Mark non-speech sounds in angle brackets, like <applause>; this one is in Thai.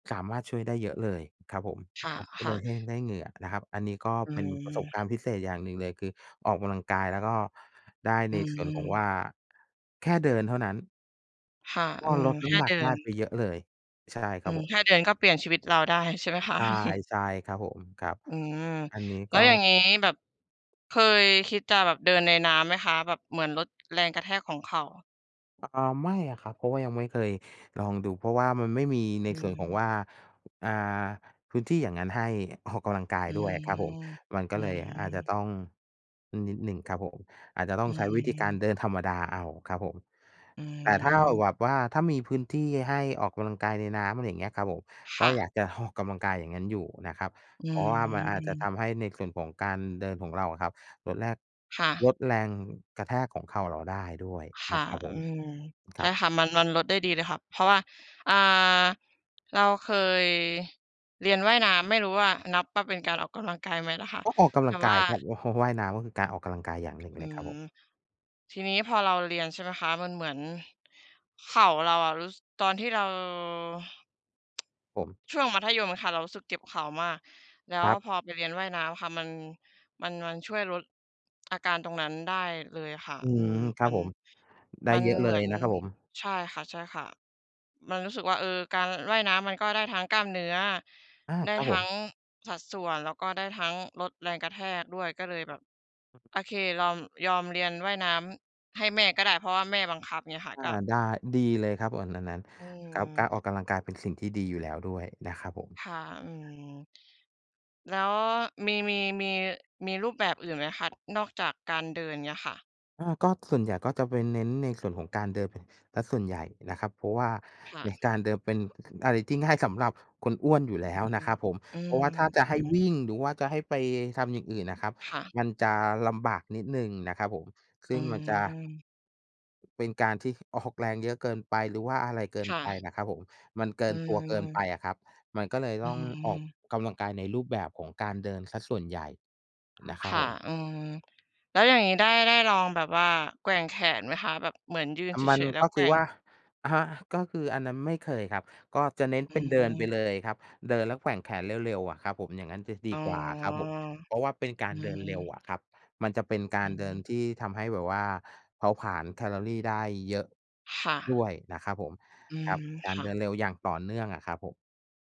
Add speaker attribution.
Speaker 1: สามารถช่วยได้เยอะเลยครับผม
Speaker 2: ค
Speaker 1: อ้าว ก็เ
Speaker 2: ่
Speaker 1: ล
Speaker 2: ะ
Speaker 1: ย
Speaker 2: ๆ
Speaker 1: ให้ ได้เหงื่อนะครับ อันนี้ก็
Speaker 2: อื
Speaker 1: เป็นประสบกา
Speaker 2: ม
Speaker 1: รณ์พิเศษอย่างหนึ่งเลย คือออกกำลังกายแล้วก็ได้
Speaker 2: อ
Speaker 1: ใน
Speaker 2: ื
Speaker 1: ส่วนของ
Speaker 2: ม
Speaker 1: ว่า แค่เดินเท่านั้น
Speaker 2: ค่ะ
Speaker 1: ก
Speaker 2: อื
Speaker 1: ็
Speaker 2: ม
Speaker 1: ลดน
Speaker 2: แค
Speaker 1: ้
Speaker 2: ่
Speaker 1: ำหนั
Speaker 2: เด
Speaker 1: ก
Speaker 2: ิ
Speaker 1: ได
Speaker 2: น
Speaker 1: ้ไปเยอะเลย ใช่ค
Speaker 2: อ
Speaker 1: ร
Speaker 2: ื
Speaker 1: ับ
Speaker 2: ม
Speaker 1: ผม
Speaker 2: แค่เดินก็เปลี่ยนชีวิตเราได้ ใช่ไหมคะ?
Speaker 1: ใช่
Speaker 2: <chuckles>
Speaker 1: ใช่ครับผม ครับ
Speaker 2: อืม
Speaker 1: อันนี้
Speaker 2: แล้
Speaker 1: ก
Speaker 2: ว
Speaker 1: ็
Speaker 2: อย่างงี้ แบบ เคยคิดจะแบบเดินในน้ำไหมคะ? แบบเหมือนลดแรงกระแทกของเข่า
Speaker 1: อา ไม่อะครับ เพราะว่ายังไม่เคยลองดู เพราะว่ามันไม่มีใน
Speaker 2: อื
Speaker 1: ส่วนของว
Speaker 2: ม
Speaker 1: ่า อ่า พื้นที่อย่างงั้นให้ออกกำลังกาย
Speaker 2: อื
Speaker 1: ด้วยครั
Speaker 2: ม
Speaker 1: บผม มันก็
Speaker 2: อื
Speaker 1: เลยอาจจะ
Speaker 2: ม
Speaker 1: ต้อง นิดหนึ่งครับผม อาจจะต้
Speaker 2: อ
Speaker 1: อ
Speaker 2: ื
Speaker 1: งใช้วิธีการ
Speaker 2: ม
Speaker 1: เดินธรรมดาเอาครับผม
Speaker 2: อื
Speaker 1: แต่ถ้าแบ
Speaker 2: ม
Speaker 1: บว่าถ้ามีพื้นที่ให้ออกกำลังกายในน้ำ อะไรอย่างเงี้ยครับผม
Speaker 2: ค
Speaker 1: ก็
Speaker 2: ่
Speaker 1: อ
Speaker 2: ะ
Speaker 1: ยากจะ ออก กำลังกายอย่างงั้นอยู่นะครับ
Speaker 2: อื
Speaker 1: เพราะว่ามันอาจจะ
Speaker 2: ม
Speaker 1: ทำให้ในส่วนของการเดินของเราอะครับ ลดแรก
Speaker 2: ค่ะ
Speaker 1: ลดแรงกระแทกของเข่าเราได้ด้วย
Speaker 2: ค
Speaker 1: น
Speaker 2: ่
Speaker 1: ะ
Speaker 2: ะ
Speaker 1: ครับผ
Speaker 2: อ
Speaker 1: ม
Speaker 2: ืม
Speaker 1: ค
Speaker 2: ใช
Speaker 1: ร
Speaker 2: ่
Speaker 1: ับ
Speaker 2: ค่ะ มัน มันลดได้ดีเลยค่ะ เพราะว่า อ่า เราเคยเรียนว่ายน้ำ ไม่รู้ว่านับว่า เป็นการออกกำลังกายไหมล่ะค่ะ?
Speaker 1: ก็ออกก
Speaker 2: แ
Speaker 1: ำ
Speaker 2: ต
Speaker 1: ล
Speaker 2: ่
Speaker 1: ังก
Speaker 2: ว
Speaker 1: า
Speaker 2: ่า
Speaker 1: ยครับ ว ว่ายน้ำก็คือการออกกำลังกายอย่าง
Speaker 2: อ
Speaker 1: หนึ่ง
Speaker 2: อ
Speaker 1: เ
Speaker 2: ื
Speaker 1: ลยครับผ
Speaker 2: ม
Speaker 1: ม
Speaker 2: ทีนี้ พอเราเรียนใช่ไหมคะ มันเหมือนเข่าเราอะรู้ ส ตอนที่เรา
Speaker 1: ผม
Speaker 2: <tsk> ช่วงมัธยมอะค่ะ เรารู้สึกเจ็บเข่ามาก แล้
Speaker 1: ค
Speaker 2: ว
Speaker 1: รับ
Speaker 2: พอไปเรียนว่ายน้ำค่ะ มัน มัน มันช่วยลดอาการตรงนั้นได้เลยค่ะ
Speaker 1: อื
Speaker 2: อื
Speaker 1: ม
Speaker 2: ม
Speaker 1: ครั
Speaker 2: มั
Speaker 1: บ
Speaker 2: น
Speaker 1: ผม ได้
Speaker 2: มัน
Speaker 1: เยอะเล
Speaker 2: เหมื
Speaker 1: ย
Speaker 2: อน
Speaker 1: นะครับผม
Speaker 2: ใช่ค่ะ ๆ มันรู้สึกว่า เออ การว่ายน้ำมันก็ได้ทั้งกล้ามเนื้อ
Speaker 1: อา
Speaker 2: ได้
Speaker 1: ครับ
Speaker 2: ท
Speaker 1: ผ
Speaker 2: ั้
Speaker 1: ม
Speaker 2: งสัดส่วน แล้วก็ได้ทั้งลดแรงกระแทกด้วย ก็เลยแบบ โอเค รอม ยอมเรียนว่ายน้ำให้แม่ก็ได้ เพราะว่าแม่บังคับ เงี้ยค่ะ
Speaker 1: อา
Speaker 2: ก็
Speaker 1: ได้ ดีเลยครับ โอน อันนั้น
Speaker 2: อื
Speaker 1: ครับ กา
Speaker 2: ม
Speaker 1: รออกกำลังกายเป็นสิ่งที่ดีอยู่แล้วด้วยนะครับผม
Speaker 2: ค่ะ อืม แล้วมี มี มี มีรูปแบบอื่นไหมคะ? นอกจากการเดิน เงี้ยค่ะ
Speaker 1: อา ก็ ส่วนใหญ่ก็จะไปเน้นในส่วนของการเดิน ป เสียส่วนใหญ่นะครับ เพราะว่า
Speaker 2: ค่
Speaker 1: ใน
Speaker 2: ะ
Speaker 1: การเดินเป็น อะไรที่ง่ายสำหรับคนอ้วนอยู่
Speaker 2: อ
Speaker 1: แ
Speaker 2: ื
Speaker 1: ล้วนะ
Speaker 2: ม
Speaker 1: ครับผม
Speaker 2: อื
Speaker 1: เพร
Speaker 2: ม
Speaker 1: าะว่าถ้าจะ
Speaker 2: อื
Speaker 1: ให้
Speaker 2: ม
Speaker 1: วิ่ง หรือว่าจะให้ไปทำอย่างอื่นน่ะครับ
Speaker 2: ค่ะ
Speaker 1: มันจะลำบากนิดหนึ่งนะครับผม ซ
Speaker 2: อ
Speaker 1: ึ
Speaker 2: ื
Speaker 1: ่งมันจะ
Speaker 2: ม
Speaker 1: เป็นการที่ออกแรงเยอะเกินไป หรือว่าอะไรเกิน
Speaker 2: ค่
Speaker 1: ไป
Speaker 2: ะ
Speaker 1: นะครับผม มันเกิ
Speaker 2: อื
Speaker 1: นตัวเกินไป
Speaker 2: ม
Speaker 1: อะครับ มันก็เลย
Speaker 2: อ
Speaker 1: ต
Speaker 2: ื
Speaker 1: ้องออก
Speaker 2: ม
Speaker 1: กำลังกายในรูปแบบของการเดินเสียส่วนใหญ่ นะครั
Speaker 2: ค
Speaker 1: บ
Speaker 2: ่
Speaker 1: ผ
Speaker 2: ะ
Speaker 1: ม
Speaker 2: อืม แล้วอย่างงี้ ได้ ได้ลองแบบว่าแกว่งแขนไหมคะ? แบบเหมือนยืน
Speaker 1: อา
Speaker 2: เ
Speaker 1: มั
Speaker 2: ฉ
Speaker 1: น
Speaker 2: ย ๆ แล้
Speaker 1: ก
Speaker 2: ว
Speaker 1: ็
Speaker 2: แก
Speaker 1: คื
Speaker 2: ว
Speaker 1: อ
Speaker 2: ่
Speaker 1: ว
Speaker 2: ง
Speaker 1: ่า อะฮะ ก็คือ อันนั้น ไม่เคยครับ ก็จะเน้น
Speaker 2: อื
Speaker 1: เป็นเดินไป
Speaker 2: ม
Speaker 1: เลยครับ เดินแล้วแกว่งแขนเร็ว ๆ อะครับผม อย่างงั้นจะด
Speaker 2: อ
Speaker 1: ี
Speaker 2: ๋อ
Speaker 1: กว่าครับผม เพราะว่าเป็นกา
Speaker 2: อื
Speaker 1: รเดินเร็ว
Speaker 2: ม
Speaker 1: อะครับ มันจะเป็นก
Speaker 2: อ
Speaker 1: า
Speaker 2: ื
Speaker 1: ร
Speaker 2: อ
Speaker 1: เด
Speaker 2: ฮ
Speaker 1: ิน
Speaker 2: ึ
Speaker 1: ที่ทำให้แบบว่าเผาผลาญแคลอรีได้เยอะ
Speaker 2: ค่
Speaker 1: ด้
Speaker 2: ะ
Speaker 1: วยนะครับผม
Speaker 2: อื
Speaker 1: คร
Speaker 2: ม
Speaker 1: ับ กา
Speaker 2: ค
Speaker 1: ร
Speaker 2: ่
Speaker 1: เดิ
Speaker 2: ะ
Speaker 1: นเร็วอย่างต่อเนื่องอะครับผม